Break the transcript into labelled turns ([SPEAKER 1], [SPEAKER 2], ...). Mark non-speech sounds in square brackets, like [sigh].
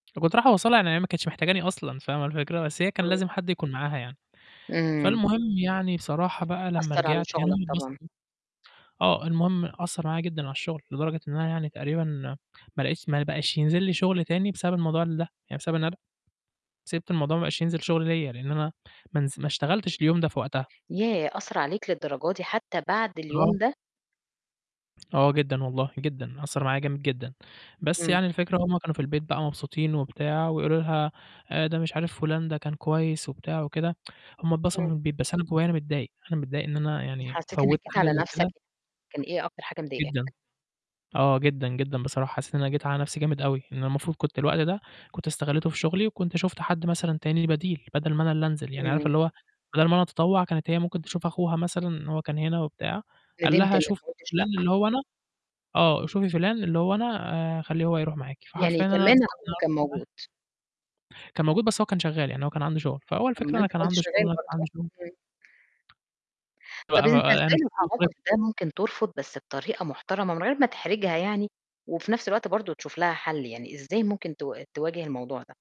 [SPEAKER 1] وكنت رايح أوصّلها يعني هي ما كانتش محتاجاني أصلًا فاهمة الفكرة؟ بس هي كان
[SPEAKER 2] آه.
[SPEAKER 1] لازم حَد يكون معاها يعني،
[SPEAKER 2] إمم.
[SPEAKER 1] فالمهم يعني بصراحة بقى لمّا
[SPEAKER 2] أثّر على
[SPEAKER 1] رجعت يعني
[SPEAKER 2] شغلك
[SPEAKER 1] هم
[SPEAKER 2] طبعًا.
[SPEAKER 1] اتبسطوا، آه، المهم أثّر عليّا جدًا على الشغل لدرجة إن أنا يعني تقريبًا، ما لقيتش ما بقاش ينزل لي شغل تاني بسبب الموضوع ده يعني بسبب إن أنا ب سِبت الموضوع ما بقاش ينزل شغل ليّا لإن أنا ما نز ما اشتغلتش اليوم ده في وقتها.
[SPEAKER 2] ياه! أثّر عليك للدرجة دي حتى بعد
[SPEAKER 1] آه.
[SPEAKER 2] اليوم ده!
[SPEAKER 1] آه جدًا والله، جدًا أنا أثّر معايا جامد جدًا، بس
[SPEAKER 2] إمم.
[SPEAKER 1] يعني الفكرة هُم كانوا في البيت بقى مبسوطين وبتاع ويقولوا لها آآ "ده مش عارف فُلان ده كان كويس وبتاع وكده" [tsk] هُم اتبسطوا في
[SPEAKER 2] إمم.
[SPEAKER 1] البيت بس أنا جوّايا أنا متضايق، أنا متضايق إن أنا
[SPEAKER 2] و
[SPEAKER 1] يعني
[SPEAKER 2] حسيت
[SPEAKER 1] فوّتّ
[SPEAKER 2] إنك جيت
[SPEAKER 1] حاجة
[SPEAKER 2] على
[SPEAKER 1] زي
[SPEAKER 2] نَفْسك
[SPEAKER 1] كده.
[SPEAKER 2] ي كان إيه أكتر حاجة
[SPEAKER 1] جدًا،
[SPEAKER 2] مضايقاك؟
[SPEAKER 1] آه جدًا، جدًا بصراحة حسّيت إن أنا جيت على نَفْسي جامد أوي، إن أنا المفروض كنت الوقت ده كنت استغليته في شغلي وكنت شُفت حَد مثلًا تاني بديل، بدل ما أنا اللي انزل يعني عارفة
[SPEAKER 2] إمم.
[SPEAKER 1] اللي هو بدل ما أنا أتطوّع كانت هي ممكن تشوف أخوها مثلًا إن هو كان هنا وبتاع، قال
[SPEAKER 2] ندمت
[SPEAKER 1] لها
[SPEAKER 2] إنك
[SPEAKER 1] شوفي
[SPEAKER 2] ما قُلتش
[SPEAKER 1] فلان
[SPEAKER 2] لأ.
[SPEAKER 1] اللي هو أنا آه، شوفي فلان اللي هو أنا آآ خليه هو يروح معاكِ
[SPEAKER 2] يعني
[SPEAKER 1] فحرفيًا أنا
[SPEAKER 2] كمان
[SPEAKER 1] بسبب
[SPEAKER 2] أخوها
[SPEAKER 1] الموقِف
[SPEAKER 2] كان
[SPEAKER 1] ده
[SPEAKER 2] موجود!
[SPEAKER 1] كان موجود بس هو كان شغّال يعني هو كان عنده شغل فهو
[SPEAKER 2] طَب ما
[SPEAKER 1] الفكرة إن
[SPEAKER 2] أنت
[SPEAKER 1] كان
[SPEAKER 2] كنت
[SPEAKER 1] عنده شغل،
[SPEAKER 2] شغّال
[SPEAKER 1] وأنا كان
[SPEAKER 2] برضه،
[SPEAKER 1] عندي شغل.
[SPEAKER 2] إمم.
[SPEAKER 1] لأ
[SPEAKER 2] طَب أنت
[SPEAKER 1] بقى أنا
[SPEAKER 2] إزاي في الموقِف
[SPEAKER 1] [unintelligible]
[SPEAKER 2] ده ممكن ترفض بس بطريقة محترمة من غير ما تحرجها يعني، وفي نفْس الوقت برضه تشوف لها حَل يعني؟ إزاي ممكن ت تواجه الموضوع ده؟